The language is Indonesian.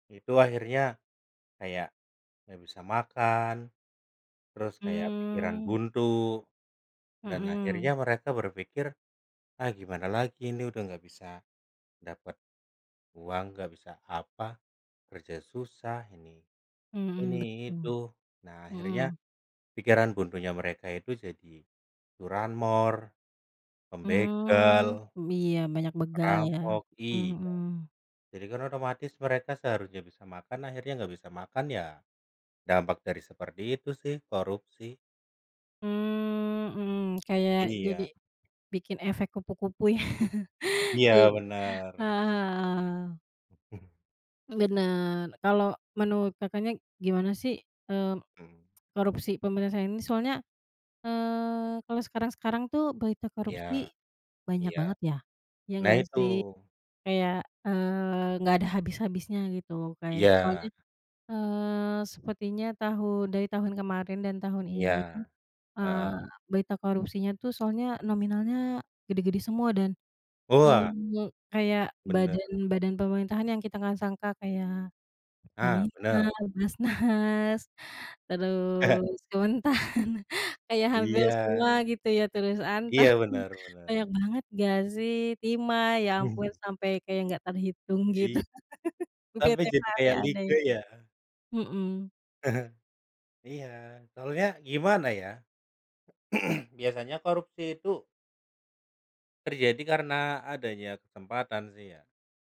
Itu akhirnya, kayak, nggak bisa makan, terus kayak pikiran Mmm. buntu, dan akhirnya Mhm. mereka berpikir, ah gimana lagi ini udah nggak bisa, dapet uang, nggak bisa apa, kerja susah ini, ini Mhm. itu. Betul. Nah, akhirnya, Hmm. pikiran buntunya mereka itu, jadi curanmor, pembegal Mmm. Iya. Banyak begal ya, perampok iya. mhm. Jadi kan otomatis, mereka seharusnya bisa makan, akhirnya nggak bisa makan. Ya, dampak dari seperti itu sih. Korupsi. Mmm mmm, kayak jadi Iya. bikin efek kupu-kupu ya? Iya Jadi benar. Heeh heeh. Benar. Kalau menurut Kakaknya, gimana sih, mmm, Mmm. korupsi penyelesaiannya soalnya, eee, kalau sekarang-sekarang tuh, berita Ya, korupsi, banyak iya. banget ya. Iya Nah nggak itu. sih? Kayak, eee, nggak ada habis-habisnya gitu. Kayak soalnya, Iya. eee, sepertinya tahu dari tahun kemarin dan tahun ini, Ya. eee, Heeh. berita korupsinya tuh soalnya nominalnya gede-gede semua. Dan, Wah! eee, kayak, Benar. badan badan pemerintahan yang kita nggak sangka kayak Nah, Pertamina, benar. BAZNAS, terus, Kementan, kayak hampir Iya. semua gitu ya, terus Antam, Iya. Benar benar. banyak banget nggak sih, Timah, ya ampun Mhm. sampe kayak nggak terhitung, gitu.. Iy tapi jadi kayak liga [unintelligible] ya? Mhm. Iya. Soalnya, gimana ya, biasanya korupsi itu terjadi karena adanya kesempatan sih ya.